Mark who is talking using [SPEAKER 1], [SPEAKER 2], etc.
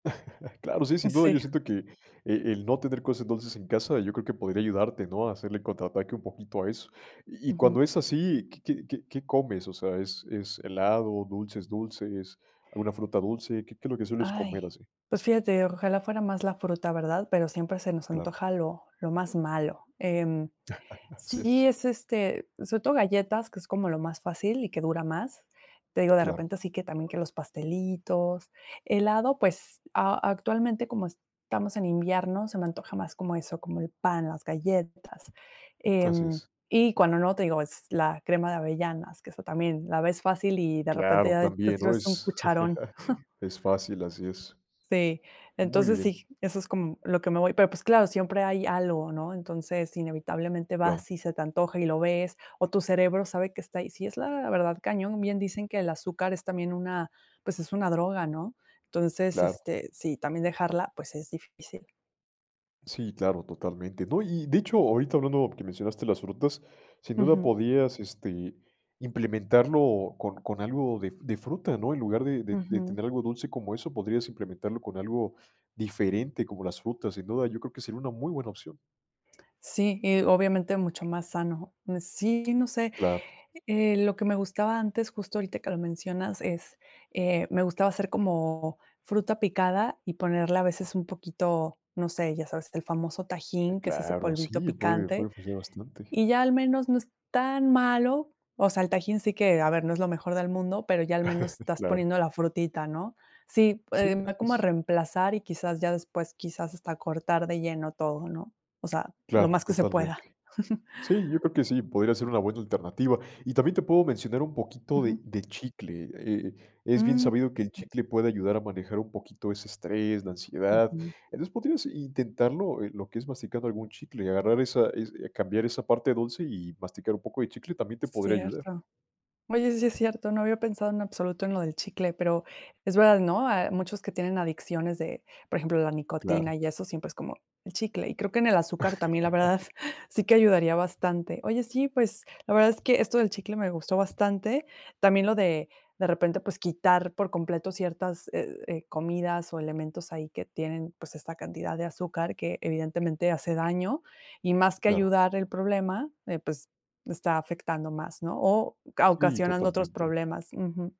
[SPEAKER 1] Claro, sí,
[SPEAKER 2] Mm,
[SPEAKER 1] sin duda.
[SPEAKER 2] sí.
[SPEAKER 1] Yo siento que, eh, el no tener cosas dulces en casa, yo creo que podría ayudarte, ¿no?, a hacerle contraataque un poquito a eso. Y y cuando
[SPEAKER 2] Ujú.
[SPEAKER 1] es así, ¿qué qué qué qué comes?, o sea, ¿es es helado, dulces dulces, alguna fruta dulce? ¿Qué qué es lo que sueles
[SPEAKER 2] ¡Ay!
[SPEAKER 1] comer así?
[SPEAKER 2] Pues, fíjate, ojalá fuera más la fruta, ¿verdad? Pero siempre se nos
[SPEAKER 1] Claro.
[SPEAKER 2] antoja lo lo más malo. Em,
[SPEAKER 1] Así
[SPEAKER 2] sí,
[SPEAKER 1] es.
[SPEAKER 2] es este sobre todo galletas, que es como lo más fácil y que dura más. Te digo, de
[SPEAKER 1] Claro.
[SPEAKER 2] repente así que también, que los pastelitos. Helado, pues, a actualmente, como estamos en invierno se me antoja más como eso, como el pan, las galletas,
[SPEAKER 1] Así
[SPEAKER 2] em,
[SPEAKER 1] es.
[SPEAKER 2] y cuando no, te digo, es la crema de avellanas, que eso también la ves fácil y de repente
[SPEAKER 1] Claro,
[SPEAKER 2] ya te
[SPEAKER 1] también, ¿no?
[SPEAKER 2] sirves un
[SPEAKER 1] Es
[SPEAKER 2] cucharón.
[SPEAKER 1] es fácil, así es.
[SPEAKER 2] Sí,
[SPEAKER 1] Muy
[SPEAKER 2] entonces
[SPEAKER 1] bien.
[SPEAKER 2] sí, eso es como lo que me voy pero pues claro, siempre hay algo, ¿no? Entonces, inevitablemente
[SPEAKER 1] Claro.
[SPEAKER 2] vas y se te antoja y lo ves, o tu cerebro sabe que está ahí sí es la verdad, cañón. Bien dicen que el azúcar es también una, pues, es una droga, ¿no? Entonces,
[SPEAKER 1] Claro.
[SPEAKER 2] este, eh sí, también dejarla, pues, es difícil.
[SPEAKER 1] Sí, claro, totalmente, ¿no? Y, de hecho, ahorita hablando, que mencionaste las frutas, sin duda
[SPEAKER 2] Ujú.
[SPEAKER 1] podías, este, implementarlo con con algo de de fruta, ¿no? En lugar de de de
[SPEAKER 2] Ujú.
[SPEAKER 1] tener algo dulce como eso, podrías implementarlo con algo diferente como las frutas, sin duda, yo creo que sería una muy buena opción.
[SPEAKER 2] Sí, y obviamente mucho más sano. Sí, no sé.
[SPEAKER 1] Claro.
[SPEAKER 2] Eh, lo que me gustaba antes, justo ahorita que lo mencionas es, eh, me gustaba hacer como fruta picada y ponerle a veces un poquito, no sé, ya sabes, el famoso tajín, que es ese
[SPEAKER 1] Claro,
[SPEAKER 2] polvito
[SPEAKER 1] ¡sí!, puede
[SPEAKER 2] picante,
[SPEAKER 1] puede ofrecer bastante.
[SPEAKER 2] y ya al menos no es tan malo. O sea, el tajín sí que a ver, no es lo mejor del mundo, pero ya al menos estás
[SPEAKER 1] Claro.
[SPEAKER 2] poniendo la frutita, ¿no? Sí,
[SPEAKER 1] Sí,
[SPEAKER 2] em, va
[SPEAKER 1] así
[SPEAKER 2] como a
[SPEAKER 1] es.
[SPEAKER 2] reemplazar y quizás, ya después, quizás hasta cortar de lleno todo, ¿no? O sea, lo
[SPEAKER 1] Claro,
[SPEAKER 2] más que se pueda.
[SPEAKER 1] totalmente. Sí, yo creo que sí, podría ser una buena alternativa. Y también te puedo mencionar un poquito de
[SPEAKER 2] Ujú.
[SPEAKER 1] de chicle. Eh, es bien
[SPEAKER 2] Mm.
[SPEAKER 1] sabido que el chicle puede ayudar a manejar un poquito ese estrés, la ansiedad.
[SPEAKER 2] Ujú.
[SPEAKER 1] Entonces podrías intentarlo, eh, lo que es masticando algún chicle y agarrar esa es, eh, cambiar esa parte dulce y masticar un poco de chicle también te podría ayudar.
[SPEAKER 2] Cierto. Oye, sí es cierto, no había pensado, en absoluto, en lo del chicle, pero es verdad, ¿no? Hay muchos que tienen adicciones de, por ejemplo, la nicotina
[SPEAKER 1] Claro.
[SPEAKER 2] y eso, siempre es como, el chicle. Y creo que en el azúcar también, la verdad, sí que ayudaría bastante. Oye, sí, pues, la verdad es que esto del chicle me gustó bastante, también lo de, de repente, pues, quitar por completo ciertas, eh, eh, comidas o elementos ahí que tienen, pues, esta cantidad de azúcar que, evidentemente, hace daño y más que
[SPEAKER 1] Claro.
[SPEAKER 2] ayudar el problema, eh, pues, está afectando más, ¿no?, o ca
[SPEAKER 1] Sí,
[SPEAKER 2] ocasionando otros
[SPEAKER 1] totalmente.
[SPEAKER 2] problemas. Ujú.